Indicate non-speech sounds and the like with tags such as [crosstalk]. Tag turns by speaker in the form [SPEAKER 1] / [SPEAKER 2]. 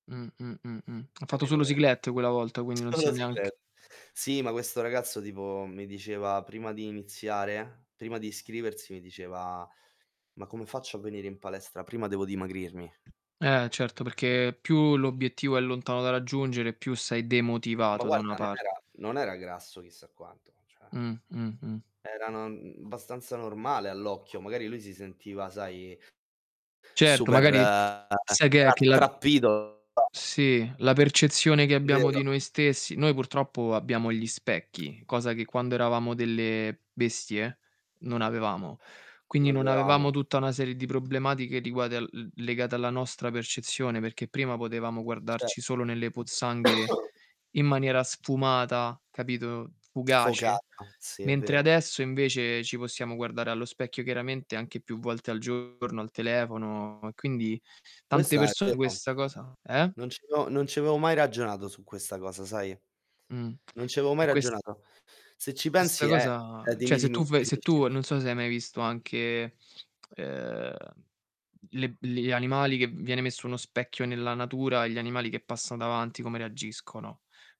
[SPEAKER 1] Mh-mh. Mh-mh. Ha fatto
[SPEAKER 2] Capito
[SPEAKER 1] solo
[SPEAKER 2] be
[SPEAKER 1] cyclette quella volta, quindi non
[SPEAKER 2] [smacks lips]
[SPEAKER 1] sia
[SPEAKER 2] solo
[SPEAKER 1] neanc
[SPEAKER 2] cyclette. Sì, ma questo ragazzo tipo mi diceva prima di iniziare prima di iscriversi mi diceva: "Ma come faccio a venire in palestra? Prima devo dimagrirmi".
[SPEAKER 1] Ehm, certo, perché più l'obiettivo è lontano da raggiungere, più sei
[SPEAKER 2] Ma
[SPEAKER 1] demotivato da una
[SPEAKER 2] guarda, non era
[SPEAKER 1] parte.
[SPEAKER 2] non era grasso chissà quanto, cioè
[SPEAKER 1] Mh-mh-mh.
[SPEAKER 2] era non bastanza normale all'occhio. Magari lui si sentiva, sai
[SPEAKER 1] Certo,
[SPEAKER 2] super
[SPEAKER 1] magari sai che è, che la
[SPEAKER 2] rattrappito. Cioè
[SPEAKER 1] Sì, la percezione che abbiamo di
[SPEAKER 2] Vero.
[SPEAKER 1] noi stessi. Noi purtroppo abbiamo gli specchi, cosa che quando eravamo delle bestie? Non avevamo. Quindi,
[SPEAKER 2] Non
[SPEAKER 1] non avevamo
[SPEAKER 2] avevamo.
[SPEAKER 1] tutta una serie di problematiche riguadel l legate alla nostra percezione, perché prima potevamo
[SPEAKER 2] Certo.
[SPEAKER 1] guardarci solo nelle pozzanghere
[SPEAKER 2] [coughs]
[SPEAKER 1] in maniera sfumata, capito, fugace.
[SPEAKER 2] Sfocata. Sì, è
[SPEAKER 1] Mentre
[SPEAKER 2] vero.
[SPEAKER 1] adesso invece, ci possiamo guardare allo specchio chiaramente anche più volte al giorno, al telefono, e quindi tante
[SPEAKER 2] Questa è
[SPEAKER 1] persone
[SPEAKER 2] vero.
[SPEAKER 1] questa cosa eh?
[SPEAKER 2] Non ci avevo non ci avevo mai ragionato su questa cosa, sai.
[SPEAKER 1] Mh.
[SPEAKER 2] Non ci avevo mai
[SPEAKER 1] E ques
[SPEAKER 2] ragionato. Se ci
[SPEAKER 1] questa
[SPEAKER 2] pensi è è
[SPEAKER 1] cosa cioè
[SPEAKER 2] dimmi,
[SPEAKER 1] se
[SPEAKER 2] dimmi,
[SPEAKER 1] tu ve se tu
[SPEAKER 2] finisci.
[SPEAKER 1] non so se hai mai visto anche, uhm, le b li animali che viene messo uno specchio nella natura e gli animali che passano davanti come reagiscono.